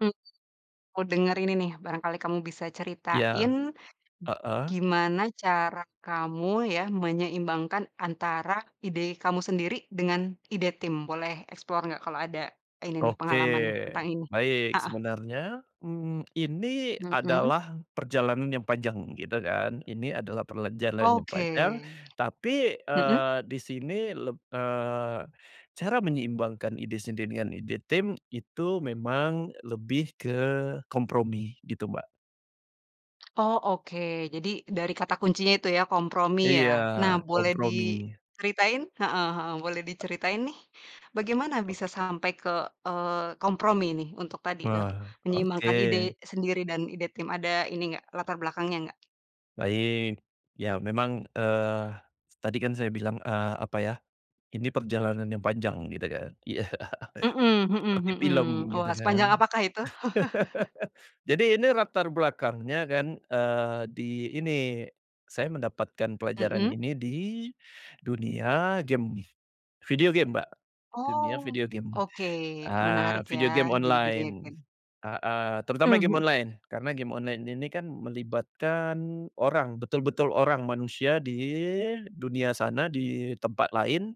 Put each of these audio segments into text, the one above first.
Hmm. Oh denger ini nih barangkali kamu bisa ceritain, Iya, heeh. gimana cara kamu ya menyeimbangkan antara ide kamu sendiri dengan ide tim? Boleh explore gak kalo ada ini nih Oke pengalaman nih tentang ini? baik Heeh. sebenarnya, mmm, ini Mhm. adalah perjalanan yang panjang gitu kan, ini adalah perjalanan yang Oke, panjang, tapi, mhm. eee, di sini leb eee, cara menyeimbangkan ide sendiri dengan ide tim itu memang lebih ke kompromi gitu Mbak. Oh oke jadi dari kata kuncinya itu ya kompromi ya, Iya nah boleh kompromi. diceritain? Heeh heeh, boleh diceritain nih bagaimana bisa sampai ke, eee, kompromi nih untuk tadi, eee, Nah menyeimbangkan ide oke. sendiri dan ide tim ada ini nggak latar belakangnya nggak? Baik, ya memang, eee, tadi kan saya bilang, eee, apa ya, ini perjalanan yang panjang gitu kan, iya, Mhm mhm seperti mhm, film gitu wah sepanjang kan. apakah itu? Jadi ini latar belakangnya kan, eee, di ini, saya mendapatkan pelajaran Mhm. ini di, dunia game, video game Mbak, Oh, dunia video game. oke Ah, menarik ya video game di dunia online, game. heeh, Mmm, terutama game mhm. online karena game online ini kan melibatkan orang, betul-betul orang manusia di dunia sana di tempat lain,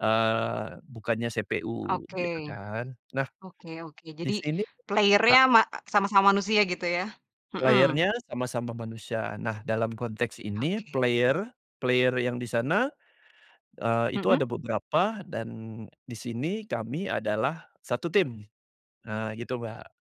eee, bukannya CPU Oke, gitu kan nah, oke oke di jadi sini a player-nya ma sama-sama manusia gitu ya? Mhm. Player-nya sama-sama manusia, nah dalam konteks ini Oke. player player yang di sana, eee, itu Mhm? ada beberapa dan di sini kami adalah satu tim, nah gitu Mbak.